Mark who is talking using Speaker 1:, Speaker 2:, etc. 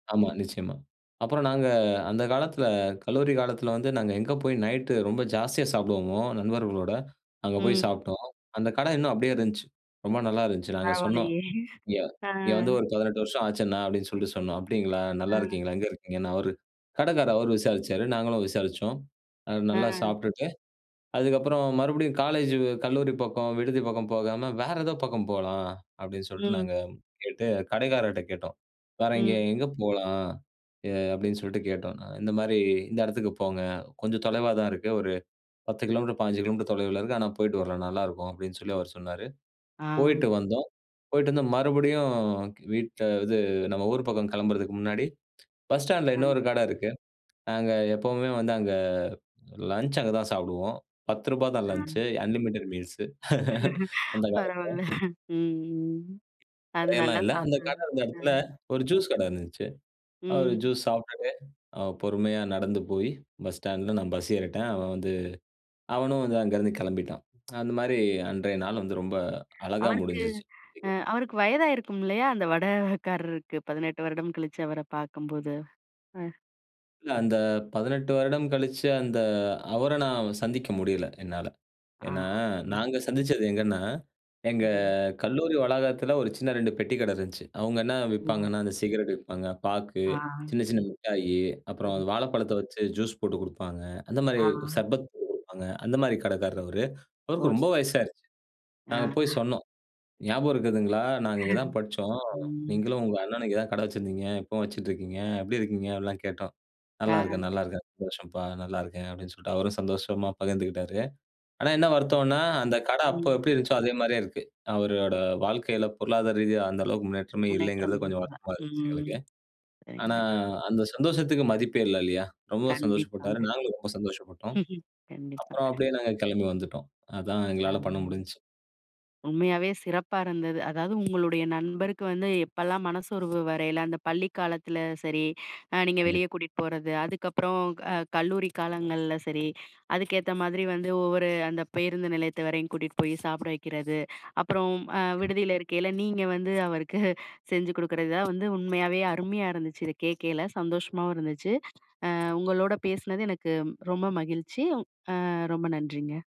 Speaker 1: ஆமா, நிச்சயமா. அப்புறம் நாங்க அந்த காலத்தில, கல்லூரி காலத்தில வந்து நாங்க எங்க போய் நைட்டு ரொம்ப ஜாஸ்தியா சாப்பிடுவோமோ, நண்பர்களோட, அங்க போய்
Speaker 2: ம்.
Speaker 1: சாப்ட்டோம். அந்த கடை இன்னும் அப்டியே இருந்துச்சு. ரொம்ப நல்லா இருந்துச்சு. நாங்க சொன்னோம்,
Speaker 2: பரவாயில்லையே,
Speaker 1: "இங்க
Speaker 2: ஆ.
Speaker 1: இங்க வந்து ஒரு 18 வருஷம் ஆச்சு அண்ணா" அப்டின்னு சொல்ட்டு சொன்னோம். அப்டிங்களா?
Speaker 2: ஆ.
Speaker 1: நல்லாருக்கீங்களா? எங்க இருக்கீங்கன்னு, அவரு, கடைக்காரு அவரு விசாரிச்சாரு நாங்களும் விசாரிச்சோம். அது நல்லா
Speaker 2: ஆ.
Speaker 1: சாப்ட்டுட்டு, அதுக்கப்புறம் மறுபடியும் "காலேஜு கல்லூரி பக்கம், விடுதி பக்கம் போகாம, வேற ஏதோ பக்கம் போலாம்" அப்டின்னு சொல்ட்டு
Speaker 2: ம்.
Speaker 1: நாங்க கேட்டு, கடைக்காரர்ட்ட கேட்டோம். "வேற இங்க
Speaker 2: ம்.
Speaker 1: எங்க போலாம்?" எ அப்டின்னு சொல்ட்டு கேட்டோம். "இந்த மாரி இந்த இடத்துக்கு போங்க. கொஞ்சம் தொலைவா தான் இருக்கு. ஒரு 10 கிலோமீட்டர் 15 கிலோமீட்டர் தொலைவுல இருக்கு. ஆனா, போயிட்டு வரலாம். நல்லாருக்கும்" அப்டின்னு சொல்லி அவரு சொன்னாரு,
Speaker 2: ஆ.
Speaker 1: போயிட்டு வந்தோம். போயிட்டு வந்து கி மறுபடியும் வீட்ல இது நம்ம ஊர் பக்கம் கிளம்புறதுக்கு முன்னாடி, பஸ் ஸ்டாண்ல
Speaker 2: ஆ.
Speaker 1: இன்னொரு கடை இருக்கு. நாங்க எப்பவுமே வந்து அங்க, லஞ்ச் அங்க தான் சாப்பிடுவோம். ரூ. 10 தான்
Speaker 2: அ.
Speaker 1: லஞ்ச்சு அன்லிமிட்டட் மீல்ஸு அந்த காலத்தில.
Speaker 2: பரவால்ல. ம் ம், அது
Speaker 1: கடையெல்லாம்
Speaker 2: நல்லா
Speaker 1: இல்ல. அந்த
Speaker 2: சாப்பிடு.
Speaker 1: கடை இருந்த
Speaker 2: அ.
Speaker 1: எடத்தில ஒரு ஜூஸ் கடை இருந்துன்ச்சு. அ ஒரு
Speaker 2: ம்.
Speaker 1: ஜூஸ் சாப்ட்டுட்டு, அ பொறுமையா நடந்து போயி, பஸ் ஸ்டாண்ட்ல நான் பஸ் ஏறிட்டேன். அவன் வந்து, அவனும் வந்து அங்கருந்து கெளம்பிட்டான். அந்த மாரி, அன்றைய நாள் வந்து ரொம்ப அழகா
Speaker 2: அவருக்கு
Speaker 1: முடிஞ்சுருச்சு.
Speaker 2: அ
Speaker 1: [unintelligible]
Speaker 2: அவருக்கு வயதாயிருக்கும் இல்லையா, அந்த வட காரருக்கு 18 வருடம் கழிச்சு அவர பாக்கும்போது? அ.
Speaker 1: இல்ல. அந்த 18 வருடம் கழிச்சு, அந்த அவர நான் சந்திக்க முடியல, என்னால.
Speaker 2: ஆ,
Speaker 1: ஏன்னா,
Speaker 2: ம்.
Speaker 1: நாங்க சந்திச்சது எங்கன்னா, எங்க
Speaker 2: ம்.
Speaker 1: கல்லூரி வளாகத்தில ஒரு சின்ன 2 பெட்டி கடை இருந்துச்சு. அவுங்க என்ன
Speaker 2: ஓ.
Speaker 1: விப்பாங்கன்னா, அந்த சிகரெட் விப்பாங்க. பாக்கு,
Speaker 2: ஆ.
Speaker 1: சின்ன சின்ன முட்டாயி, அப்புறம்
Speaker 2: ஒ.
Speaker 1: வாழைப்பழத்த வச்சு ஜூஸ் போட்டு குடுப்பாங்க. அந்த மாரி,
Speaker 2: ஆ.
Speaker 1: சர்பத் போட்டு குடுப்பாங்க. அந்த மாரி கடைக்காரர் அவரு.
Speaker 2: ஓ
Speaker 1: அவருக்கு
Speaker 2: ச
Speaker 1: ரொம்ப வயசாயிருச்சு. நாங்க போய்
Speaker 2: ஆ
Speaker 1: சொன்னோம். ஞாபகம் இருக்குதுங்களா? நாங்க இங்க தான் படிச்சோம்.
Speaker 2: ம்.
Speaker 1: நீங்களும் உங்க அண்ணனும் இங்க தான் கடை வச்சிருந்தீங்க. இப்பவும் வச்சுட்டு இருக்கீங்க. எப்டி இருக்கீங்க? அப்டிலாம் கேட்டோம்.
Speaker 2: ஆ.
Speaker 1: "நல்லா இருக்கேன், நல்லா இருக்கேன். சந்தோஷம்ப்பா, நல்லா இருக்கேன்" அப்டின்னு சொல்ட்டு அவரும் சந்தோஷமா பகிர்ந்துக்கிட்டாரு. ஆனா என்ன
Speaker 2: சரிங்க.
Speaker 1: வருத்தம்ன்னா, அந்த கடை
Speaker 2: ம்.
Speaker 1: அப்ப எப்டி இருந்துச்சோ, அதே மாரியே இருக்கு. அவரோட வாழ்க்கையில, பொருளாதார ரீதியா அந்த அளவுக்கு முன்னேற்றமே
Speaker 2: முன்னேற்றம்
Speaker 1: இல்லைங்கிறது, கொஞ்சம்
Speaker 2: [unintelligible]
Speaker 1: வருத்தமா இருந்துச்சு
Speaker 2: ம்
Speaker 1: எங்களுக்கு.
Speaker 2: சரிங்க.
Speaker 1: ஆனா, அந்த சந்தோஷத்துக்கு மதிப்பே இல்ல இல்லையா? ரொம்பவும் சந்தோஷப்பட்டாரு.
Speaker 2: கண்டிப்பாங்க.
Speaker 1: நாங்களும் ரொம்ப சந்தோஷப்பட்டோம்.
Speaker 2: கண்டிப்பா.
Speaker 1: அப்புறம் அப்டியே நாங்க கெளம்பி வந்துட்டோம். அதான் எங்களால
Speaker 2: ஆம்,
Speaker 1: பண்ண முடிஞ்ச்சு.
Speaker 2: உண்மையாவே சிறப்பா இருந்தது. அதாவது, உங்களுடைய நண்பருக்கு வந்து எப்பலாம் மனசோர்வு வரையில, அந்த பள்ளி காலத்தில சரி, அ நீங்க வெளிய
Speaker 1: கண்டிப்
Speaker 2: கூட்டிட்டு போறது. அதுக்கப்புறம் அ கல்லூரி காலங்கள்ல சரி, அதுக்கேத்த மாதிரி வந்து ஒவ்வொரு, அந்த பேருந்து நிலையத்தை வரையும் கூட்டிட்டு போயி, சாப்பிட வைக்கிறது, அப்புறம் அ விடுதியில இருக்கையில நீங்க வந்து அவருக்கு செஞ்சு குடுக்குறது. இதான் வந்து உண்மையாவே, அருமையா இருந்துச்சு. இத கேக்கயில, சந்தோஷமாவும் இருந்துச்சு. அ உங்களோட பேசினது எனக்கு ரொம்ப மகிழ்ச்சி, அ ரொம்ப நன்றிங்க.